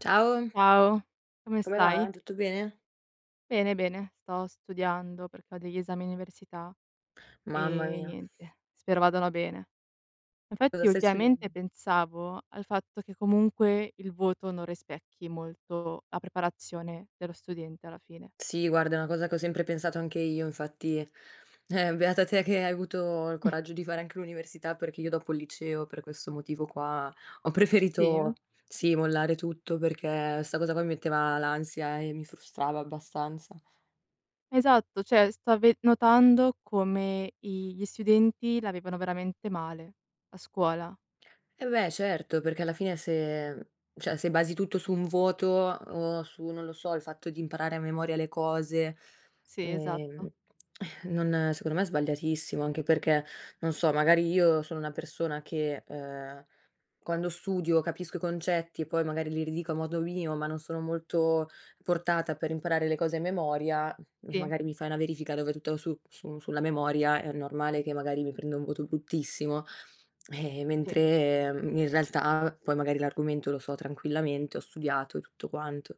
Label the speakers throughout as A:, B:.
A: Ciao.
B: Ciao! Come
A: Come va?
B: stai?
A: Tutto bene?
B: Bene, bene sto studiando, perché ho degli esami università,
A: Mamma
B: ehm,
A: mia.
B: niente spero vadano bene.
A: Cosa
B: Infatti,
A: stai
B: ultimamente
A: studian
B: pensavo al fatto che comunque il voto non rispecchi molto la preparazione dello studente, alla fine.
A: Sì guarda è una cosa che ho sempre pensato anche io, infatti, eh, beata te che hai avuto il coraggio di fare anche l'università, perché io dopo il liceo, per questo motivo qua ho
B: Sì?
A: preferito sì, mollare tutto, perché sta cosa qua mi metteva l'ansia e mi frustrava abbastanza.
B: Esatto cioè sto ve notando come i gli studenti la vivono veramente male la scuola.
A: Eh beh certo, perché alla fine se cioè se basi tutto su un voto o su, non lo so, il fatto di imparare a memoria le cose,
B: Sì
A: ehm,
B: esatto.
A: non secondo me è sbagliatissimo anche perché, non so magari io sono una persona che, ehm, quando studio capisco i concetti e poi magari li ridico a modo mio, ma non sono molto portata per imparare le cose a memoria, e
B: Sì.
A: magari mi fai una verifica dove tutto su su sulla memoria, è normale che magari mi prendo un voto bruttissimo, ehm,
B: Sì.
A: mentre in realtà poi magari l'argomento lo so tranquillamente, ho studiato e tutto quanto.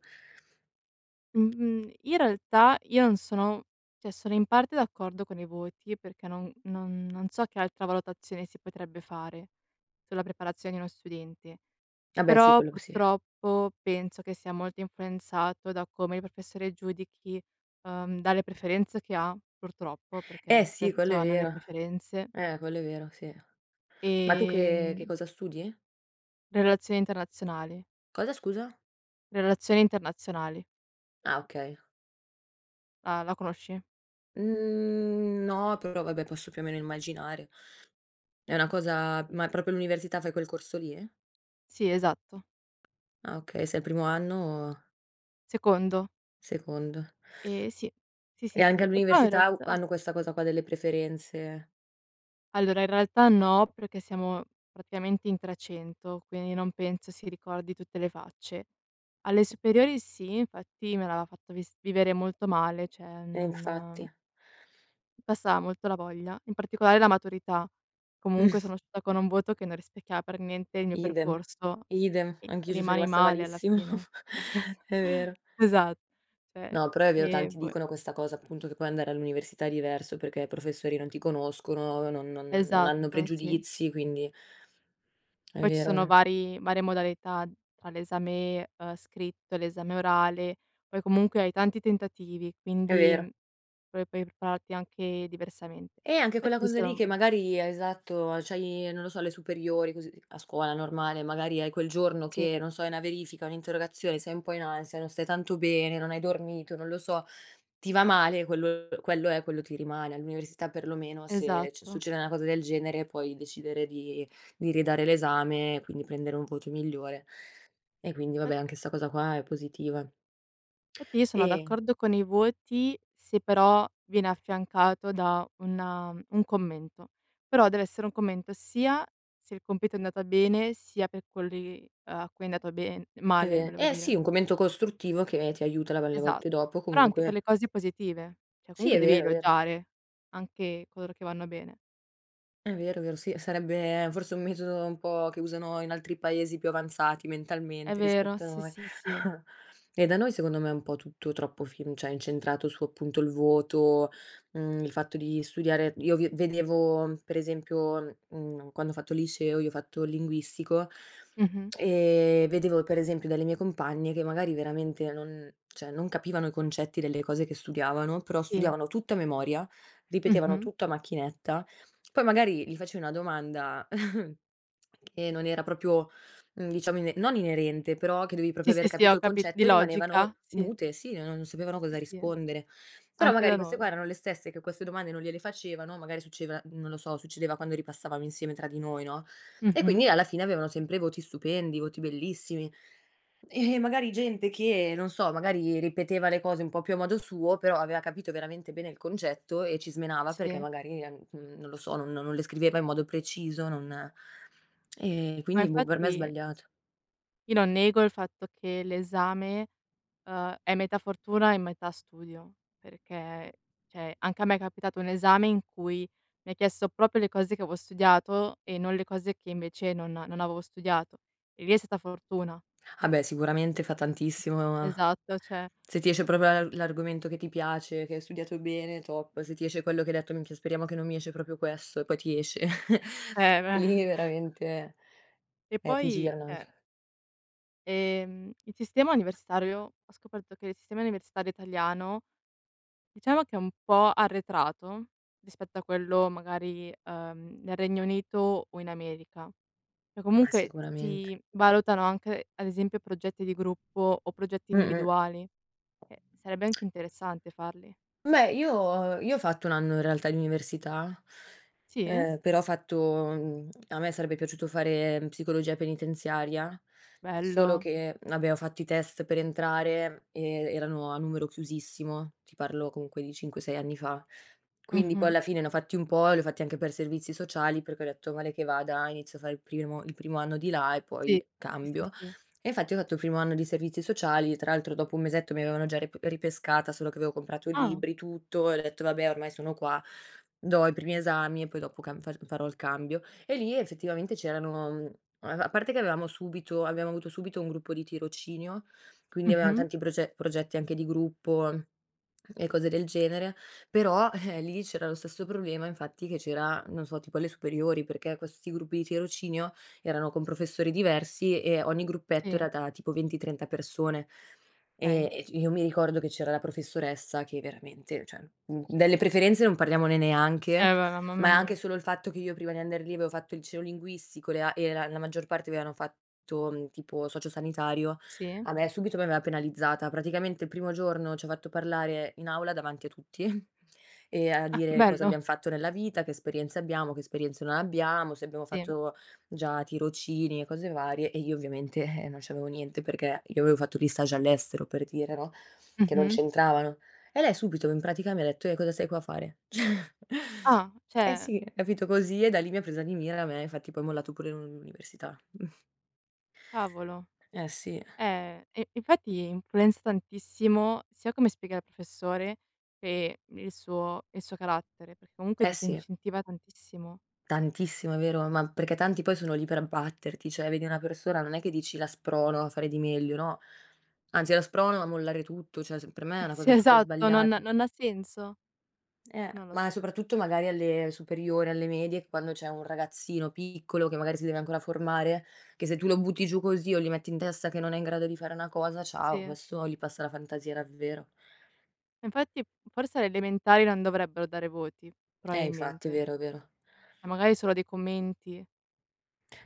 B: Mhmm, mhmm, in realtà io non sono cioè sono in parte d'accordo con i voti, perché non non non so che altra valutazione si potrebbe fare sulla preparazione di uno studente.
A: Vabbè sì,
B: Però
A: quello possibile.
B: purtroppo penso che sia molto influenzato da come il professore giudichi uhm, dalle preferenze che ha, purtroppo, perché
A: Eh sì, quello
B: spesso
A: è
B: hanno le
A: vero.
B: preferenze.
A: Eh quello è vero. Sì. Ma tu che che
B: Ehm
A: cosa studi?
B: Relazioni internazionali.
A: Cosa scusa?
B: Relazioni internazionali.
A: Ah okay.
B: Ah la conosci?
A: Mhmm, no, però vabbè posso più o meno immaginare. È una cosa ma proprio l'università, fai quel corso lì?
B: Sì, esatto.
A: Ah okay, sei al primo anno o
B: Secondo.
A: Secondo.
B: Ehm sì, sì,
A: E
B: sì, sì.
A: anche
B: E poi in
A: all'università u
B: realtà
A: hanno questa cosa qua delle preferenze?
B: Allora, in realtà no, perché siamo praticamente in 300 quindi non penso si ricordi tutte le facce. Alle superiori sì, infatti me l'aveva fatto vis vivere molto male, cioè
A: Eh
B: non
A: infatti.
B: passava molto la voglia, in particolare la maturità. Comunque sono uscita con un voto che non rispecchiava per niente il mio
A: Idem.
B: percorso
A: Idem,
B: e ci
A: anch'io ci so
B: rimani
A: rimasta
B: male alla
A: malissimo
B: fine. Esa
A: è vero.
B: esat Cioè
A: No però è vero,
B: ehm,
A: tanti
B: boh e
A: dicono questa cosa, appunto che poi andare all'università è diverso, perché i professori non ti conoscono, non non non hanno
B: Esatto, sì.
A: pregiudizi, quindi È
B: Poi ci
A: vero, è
B: sono
A: ve
B: vari varie modalità tra l'esame, uhm, scritto e l'esame orale, poi comunque hai tanti tentativi
A: È
B: quindi
A: vero.
B: pro puoi prepararti anche diversamente.
A: Eh anche quella
B: Infatti io
A: cosa lì
B: sono
A: che
B: mh.
A: magari è esatto c'hai non lo so, le superiori, così a scuola normale, magari hai quel giorno
B: Sì.
A: che non so, hai una verifica, un'interrogazione, sei un po' in ansia, non stai tanto bene, non hai dormito, non lo so. Ti va male quel quello è, quello ti rimane. All'università, perlomeno, se
B: Esatto.
A: succede una cosa del genere, puoi decidere di di ridare l'esame, quindi prendere un voto migliore e quindi,
B: Fat
A: vabbè, anche sta cosa qua è positiva.
B: Infatti io sono
A: E
B: d'accordo con i voti, se però viene affiancato da un, uhm, un commento. Però dev'essere un commento sia se il compito è andata bene, sia per quelli a cui è andato ben
A: È
B: male
A: ve
B: volevo
A: eh sì
B: dire.
A: un commento costruttivo che ti aiuta la va le
B: Esa
A: volte dopo,
B: però anche per
A: comunque.
B: le cose positive. Cioè
A: Sì
B: comunque
A: è
B: devi
A: vero, vero.
B: elogiare anche coloro che vanno bene.
A: È vero, vero. Sì sarebbe forse un metodo un po' che usano in altri paesi più avanzati
B: È
A: mentalmente,
B: vero.
A: rispetto a
B: Sì,
A: noi
B: sì, sì.
A: e da noi, secondo me, è un po' tutto troppo fim cioè incentrato su, appunto, il voto, mhmm, il fatto di studiare; io vi vedevo, per esempio, mhmm, quando ho fatto liceo, io ho fatto il linguistico,
B: Mh-mh.
A: ehm, vedevo per esempio dalle mie compagne che magari veramente non cioè non capivano i concetti delle cose che studiavano, però
B: Sì.
A: studiavano tutto a memoria, ripetevano
B: Mh-mh.
A: tutto a macchinetta, poi magari gli facevi una domanda che non era proprio mhmm, diciamo, ine non inerente, però che dovevi proprio
B: Sì,
A: aver
B: sì, sì,
A: capito
B: ho
A: il
B: capi di
A: concetto e rimanevano
B: logica? Sì.
A: mute, sì non sapevano
B: Sì,
A: cosa
B: sì,
A: rispondere. Però
B: anche
A: magari
B: da
A: queste qua
B: noi.
A: erano le stesse che queste domande non gliele facevano, magari succeva non lo so succedeva quando ripassavamo insieme tra di noi, no. E
B: Mh-mh.
A: quindi alla fine avevano sempre voti stupendi, voti bellissimi. Eh, magari gente che, non so, magari ripeteva le cose un po' più a modo suo, però aveva capito veramente bene il concetto e ci smenava, perché
B: Sì.
A: magari, ehm, non lo so, non non le scriveva in modo preciso non e
B: Ma
A: quindi boh per me è
B: infatti
A: sbagliato.
B: io non nego il fatto che l'esame, uhm, è metà fortuna e metà studio, perché, cioè anche a me è capitato un esame in cui mi ha chiesto proprio le cose che avo studiato e non le cose che invece non non avevo studiato. E lì è stata fortuna.
A: Ah beh sicuramente fa tantissimo.
B: Esatto cioè
A: Se ti esce proprio l'a l'argomento che ti piace, che hai studiato bene, top se ti esce quello che hai detto: "Minchia speriamo che non mi esce proprio questo." E poi ti esce
B: Eh beh.
A: lì veramente
B: Che
A: eh, ti
B: poi
A: girano
B: cioè
A: anche.
B: ehm, il sistema universitario ho scoperto che il sistema universitario italiano, diciamo che è un po' arretrato, rispetto a quello magari, uhm, nel Regno Unito o in America. Cioè
A: Ma
B: comunque
A: sicuramente.
B: si valutano anche, ad esempio, progetti di gruppo o progetti
A: Mh-mh.
B: individuali, ehm, sarebbe anche interessante farli.
A: Beh io io ho fatto 1 anno in realtà in università,
B: Sì?
A: ehm, però ho fatto mhmm, a me sarebbe piaciuto fare psicologia penitenziaria, solo
B: Bello.
A: che abbiamo fatto i test per entrare, e erano a numero chiusissimo. Ti parlo comunque di 5, 6 anni fa. Quindi poi
B: Mh-mh.
A: alla fine ne ho fatti un po', li ho fatti anche per servizi sociali, perché ho detto: "Male che vada inizio a fare il primo il primo anno di là e
B: Sì,
A: poi
B: sì, sì
A: cambio."
B: sì.
A: E infatti ho fatto il primo anno di servizi sociali, tra l'altro dopo 1 mesetto mi avevano già rip ripescata, solo che avevo comprato
B: Ah.
A: libri, tutto e ho detto: "Vabbè ormai sono qua do i primi esami e poi dopo camb fac farò il cambio." E lì effettivamente c'erano mhmm, uhm a parte che avevamo subito abbiamo avuto subito un gruppo di tirocinio, quindi avevam
B: Mh-mh.
A: tanti proce progetti anche di gruppo e cose del genere, però eh, lì c'era lo stesso problema, infatti che c'era, non so tipo alle superiori, perché questi gruppi di tirocinio erano con professori diversi e ogni gruppetto
B: Sì.
A: era da, tipo, 20-30 persone e
B: Okay.
A: e c io mi ricordo che c'era la professoressa che veramente cioè, mhmm, delle preferenze non parliamone neanche,
B: Eh beh, ma mamma
A: ma anche
B: mia.
A: solo il fatto che io prima di andar lì avevo fatto il liceo linguistico e le a era la maggior parte avevano fatto, tipo socio sanitario,
B: Sì.
A: a me subito mi aveva penalizzata. Praticamente il primo giorno ci ha fatto parlare in aula davanti a tutti e a
B: Ah,
A: dire cosa
B: bello.
A: abbiam fatto nella vita, che esperienze abbiamo, che esperienze non abbiamo, se abbiamo
B: Sì.
A: fatto già tirocini e cose varie. E io ovviamente, eh, non c'avevo niente, perché io avevo fatto gli stage all'estero per dire no, che non
B: Mh-mh.
A: c'entravano. E lei subito in pratica mi detto: "Eh cosa sei qua a fare?" Cioè
B: Ah,
A: eh
B: cioè
A: sì capito, così e da lì mi ha presa di mira a me e infatti poi ho mollato pure l'un l'università.
B: Cavolo,
A: Eh sì.
B: eh, e infatti influenza tantissimo, sia come spiega il professore, che il suo il suo carattere, perché comunque
A: Eh sì.
B: disincentiva tantissimo.
A: Tantissimo vero? Ma perché tanti poi sono lì per abbatterti, cioè vedi una persona, non è che dici: "La sprono a fare di meglio." No anzi: "La sprono a mollare tutto." Cioè s per me è una
B: Sì,
A: cosa super
B: esatto non
A: sbagliata.
B: non ha senso,
A: Eh,
B: non lo
A: ma
B: so.
A: soprattutto magari alle superiori, alle medie. Quando c'è un ragazzino piccolo, che magari si deve ancora formare, che se tu lo butti giù così o gli metti in testa che non è in grado di fare una cosa, ciao,
B: Sì.
A: questo gli passa la fantasia davvero.
B: Infatti forse alle elementari non dovrebbero dare voti,
A: Eh infatti è
B: probabilmente.
A: vero, è vero.
B: E magari solo dei commenti.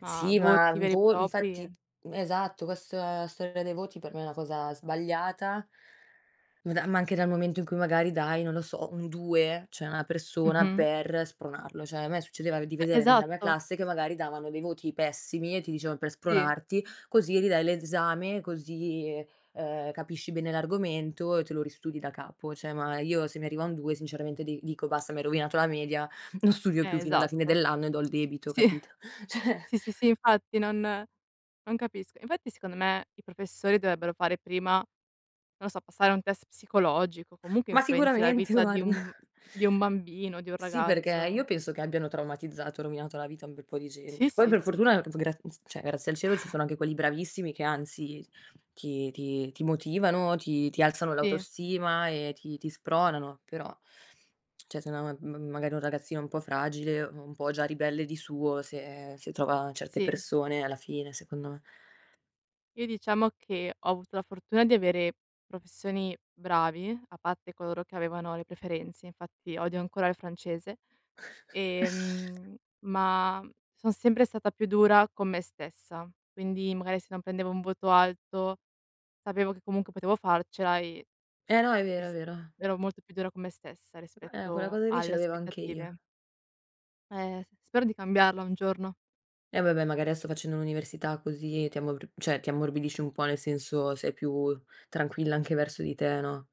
B: Ma
A: Sì ma
B: voti
A: un
B: veri e
A: vo infatti,
B: propri
A: esatto questa storia dei voti per me è una cosa sbagliata ma da ma anche dal momento in cui magari dai, non lo so, un 2 cioè a una persona
B: Mh-mh.
A: per spronarlo. Cioè a me succedeva di
B: E
A: vedere nella mia
B: esatto!
A: classe che magari davano dei voti pessimi e ti dicevan "Per
B: Sì.
A: spronarti, così ridai l'esame, così, uhm, capisci bene l'argomento e te lo ristudi da capo". Cioè ma io se mi arriva un 2 sinceramente di dico basta, mi hai rovinato la media, non studio più
B: Eh,
A: fino alla fine
B: esatto,
A: dell'anno e do il debito
B: sì.
A: capito. Cioè
B: Sì, sì, sì, infatti non non capisco. Infatti secondo me i professori dovrebbero fare prima non lo so, passare un test psicologico, comunque
A: Ma
B: influenzi la
A: sicuramente
B: vita di
A: guarda.
B: un di un bambino, di un
A: Sì perché io
B: ragazzo.
A: penso che abbiano traumatizzato, rovinato la vita a un bel po' di
B: Sì,
A: gente. Poi
B: sì,
A: per
B: sì.
A: fortuna [unintelligible] graz cioè grazie al cielo ci sono anche quelli bravissimi che anzi ti ti ti motivano, ti ti alzano
B: Sì.
A: l'autostima e ti ti spronano. Però cioè se una m magari è un ragazzino un po' fragile, un po' già ribelle di suo se se trova certe
B: Sì.
A: persone, alla fine secondo me
B: Io diciamo che ho avuto la fortuna di avere professori bravi, a parte coloro che avevano le preferenze, infatti odio ancora il francese. Ehm, ma son sempre stata più dura con me stessa, quindi magari se non prendevo un voto alto, sapevo che comunque potevo farcela e
A: Eh no, è
B: e
A: vero, è
B: s
A: vero.
B: ero molto più dura con me stessa,
A: Eh, quella
B: rispetto
A: cosa lì ce
B: alle
A: l'avevo anche io.
B: aspettative. Eh, s spero di cambiarla un giorno.
A: E vabbè magari adesso facendo l'università così, ti ammorb cioè ti ammorbidisci un po', nel senso sei più tranquilla anche verso di te, no?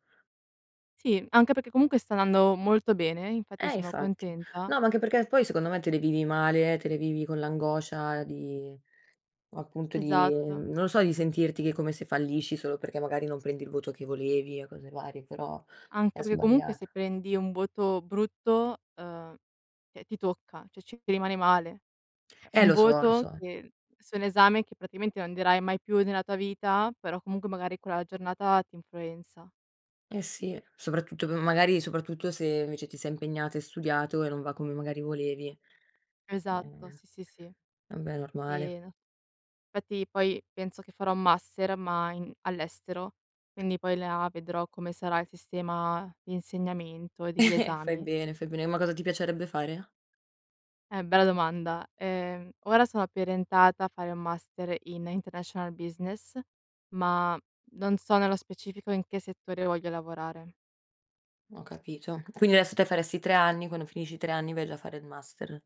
B: Sì, anche perché comunque sta andando molto bene, infatti
A: Eh
B: sono
A: infatti.
B: contenta.
A: No, ma anche perché poi secondo me te le vivi male, te le vivi con l'angoscia di appunto, di
B: Esatto.
A: non lo so, di sentirti che è come se fallisci, solo perché magari non prendi il voto che volevi e cose varie, però è
B: Anche perché comunque se
A: sbagliato.
B: prendi un voto brutto, uhm, cioè ti tocca cioè ci ti rimani male.
A: Eh,
B: Un
A: lo so, lo
B: voto
A: so.
B: che su un esame che praticamente non darai mai più nella tua vita, però comunque magari quella giornata ti influenza.
A: Eh sì, soprattutto dove magari soprattutto se invece ti sei impegnata, hai studiato e non va come magari volevi.
B: Esatto,
A: Ehm,
B: sì, sì, sì.
A: vabbè è normale.
B: Ehm, fatti poi penso che farò master ma in all'estero. Quindi poi là vedrò come sarà il sistema d'insegnamento e degli
A: Fai
B: esami.
A: bene, fai bene, ma cosa ti piacerebbe fare?
B: Eh bella domanda. Ehm, ora sono più orientata a fare un master in International Business, ma non so nello specifico in che settore voglio lavorare.
A: Ho capito. Quindi adesso te faresti 3 anni, quando finisci i 3 anni vai già a fare il master.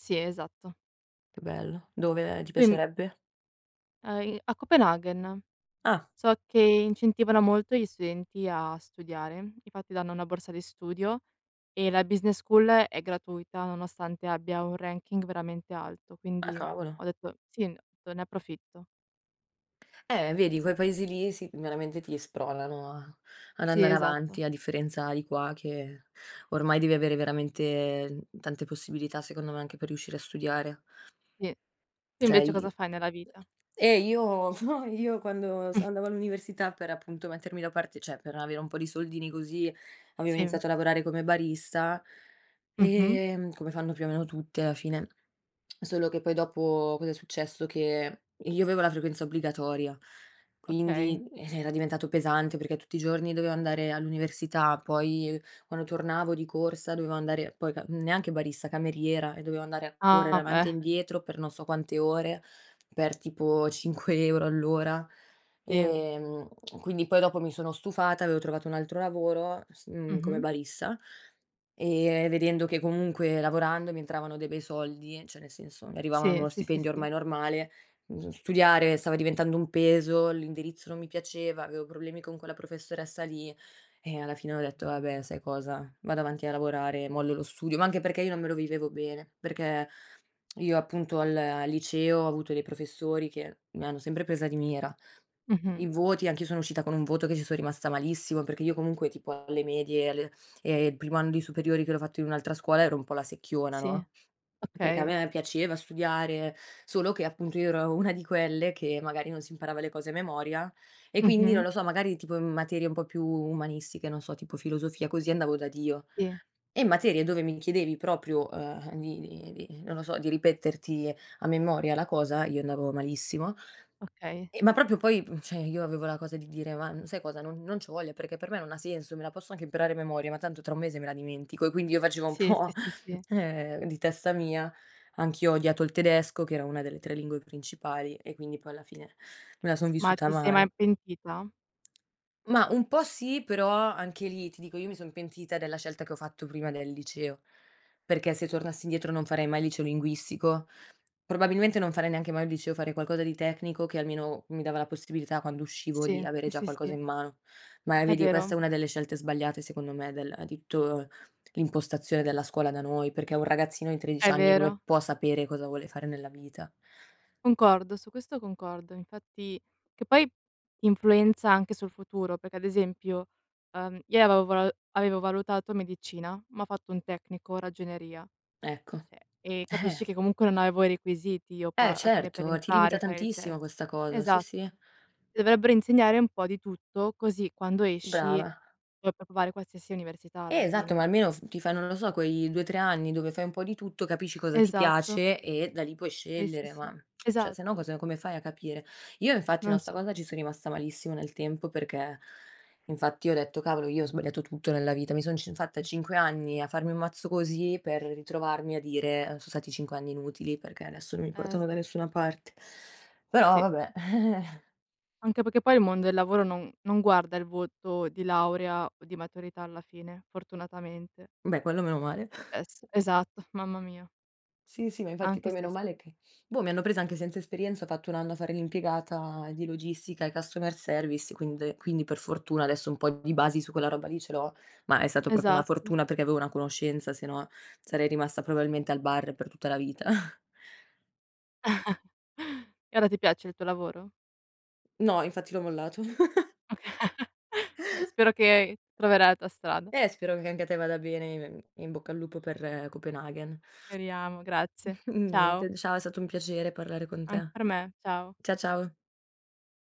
B: Sì esatto.
A: Che bello. Dove ti
B: Poi m
A: piacerebbe?
B: A i a Copenaghen,
A: Ah.
B: so che incentivano molto gli studenti a studiare. Infatti danno una borsa di studio e la business school è gratuita, nonostante abbia un ranking veramente alto,
A: Ah
B: quindi
A: cavolo.
B: ho detto sì, n to "Ne approfitto."
A: Eh vedi quei paesi lì sì c veramente ti spronano a ad
B: Sì
A: andare
B: esatto.
A: avanti a differenza di qua, che ormai devi avere veramente tante possibilità, secondo me, anche per riuscire a studiare.
B: Sì. Tu
A: Cioè
B: invece
A: io
B: cosa fai nella vita?
A: eh io io quando s andavo all'università per appunto mettermi da parte cioè per avere un po' di soldini così, avevo
B: Sì.
A: iniziato a lavorare come barista.
B: Mh-mh.
A: Ehm, come fanno più o meno tutti, alla fine. Solo che poi dopo, cosa è successo, che io avevo la frequenza obbligatoria
B: Okay.
A: quindi, eh, era diventato pesante, perché tutti i giorni dovevo andare all'università, poi quando tornavo di corsa, dovevo andare poi ca neanche barista, cameriera e dovevo andare a correre
B: Ah,
A: avanti e
B: beh.
A: indietro, per non so quante ore, per tipo 5 € all'ora.
B: Sì.
A: Ehm, quindi poi dopo mi sono stufata, avevo trovato un altro lavoro s mhmm, come
B: Mh-mh.
A: barista, ehm, vedendo che comunque lavorando mi entravano dei bei soldi, cioè nel senso, mi arrivava
B: Sì,
A: uno
B: sì, sì,
A: stipendio
B: sì.
A: ormai normale, mhmm, s studiare stava diventando un peso, l'indirizzo non mi piaceva, avevo problemi con quella professoressa lì, eh, alla fine ho detto: "Va beh sai cosa? Vado avanti a lavorare e mollo lo studio". Ma anche perché io non me lo vivevo bene. Perché io appunto al al liceo ho avuto dei professori che mi hanno sempre presa di mira.
B: Mh-mh.
A: I voti anch'io sono uscita con un voto che ci son rimasta malissimo, perché io comunque tipo alle medie e alle e il primo anno di superiori che l'ho fatto in un'altra scuola, ero un po' la secchiona
B: Sì,
A: no. Perché a
B: okay.
A: me piaceva studiare, solo che, appunto, io ero una di quelle che magari non si imparava le cose a memoria e, quindi, non
B: Mh-mh.
A: lo so, magari tipo in materie un po' più umanistiche, non so tipo filosofia così, andavo da Dio,
B: Sì.
A: e in materie dove mi chiedevi proprio, uhm, di di di non lo so, di ripeterti a memoria la cosa, io andavo malissimo.
B: Okay.
A: E ma proprio poi p cioè io avevo la cosa di dire: "Ma sai cosa? Non non c'ho voglia! Perché per me non senso! Me la posso anche imparare a memoria ma tanto tra 1 mese me la dimentico" e quindi io facevo un
B: Sì, sì,
A: po'
B: sì, sì.
A: ehm, di testa mia. Anch'io ho odiato il tedesco che era una delle 3 lingue principali e quindi poi, alla fine, me la son
B: Ma
A: vissuta
B: ti sei mai
A: male.
B: pentita?
A: Mah, un po' sì, però anche lì, ti dico, io mi son pentita della scelta che ho fatto prima del liceo. Perché se tornassi indietro non farei mai il liceo linguistico. Probabilmente non farei neanche mai un liceo, farei qualcosa di tecnico che almeno mi dava la possibilità, quando uscivo, di
B: Sì,
A: avere
B: sì,
A: già
B: sì,
A: qualcosa
B: sì.
A: in mano. Ma, eh,
B: È
A: vedi, questa
B: vero.
A: è una delle scelte sbagliate secondo me del di tutto l'impostazione della scuola da noi, perché un ragazzino di 13
B: È
A: anni come
B: vero.
A: può sapere cosa vuole fare nella vita?
B: Concordo, su questo concordo, infatti che poi influenza anche sul futuro, perché ad esempio, uhm, io avevo vola avevo valutato medicina, ma ho fatto un tecnico, ragioneria.
A: Ecco.
B: Cioè e,
A: Eh.
B: capisci che comunque non avevo i requisiti io
A: Eh
B: qua, alla fine per
A: certo, ti limita
B: entrare, fare il
A: tantissimo
B: test
A: questa cosa, sì,
B: esatto.
A: sì.
B: Dovrebbero insegnare un po' di tutto, così quando esci
A: Brava.
B: puoi provare qualsiasi università alla
A: Eh, esatto, ma
B: fine.
A: almeno f ti fai non lo so quei 2, 3 anni dove fai un po' di tutto, capisci cosa ti
B: Esatto.
A: piace, e da lì puoi
B: Sì, sì,
A: scegliere ma,
B: sì.
A: cioè se no
B: Esatto.
A: cosa come fai a capire. Io infatti no,
B: Non
A: sta
B: so.
A: cosa ci sono rimasta malissimo, nel tempo, perché infatti ho detto: "Cavolo io ho sbagliato tutto nella vita, mi sono cin fatta 5 anni a farmi un mazzo così, per ritrovarmi a dire so stati 5 anni inutili perché adesso non mi
B: Eh
A: portano da
B: sì.
A: nessuna parte." Però
B: Sì.
A: vabbè.
B: Anche perché poi il mondo del lavoro non non guarda il voto di laurea o di maturità alla fine, fortunatamente.
A: Beh, quello meno male.
B: Es esatto, mamma mia.
A: Sì, sì ma infatti
B: Anche
A: poi meno
B: se s
A: male che, boh, mi hanno presa anche senza esperienza, ho fatto un anno a fare l'impiegata di logistica e customer service quinde quindi per fortuna adesso un po' di basi su quella roba lì ce l'ho. Ma è stato proprio una
B: Esatto.
A: fortuna, perché avevo una conoscenza, se no sarei rimasta probabilmente al bar per tutta la vita.
B: E ora ti piace il tuo lavoro?
A: No infatti l'ho mollato.
B: Oka Va beh. Spero che troverai la tua strada.
A: Eh spero che anche te vada bene e, mhmm, e in bocca al lupo per Copenaghen.
B: Speriamo. Grazie. Ciao.
A: Niente, ciao è stato un piacere parlare con
B: Anche
A: te.
B: per me, ciao.
A: Cia ciao.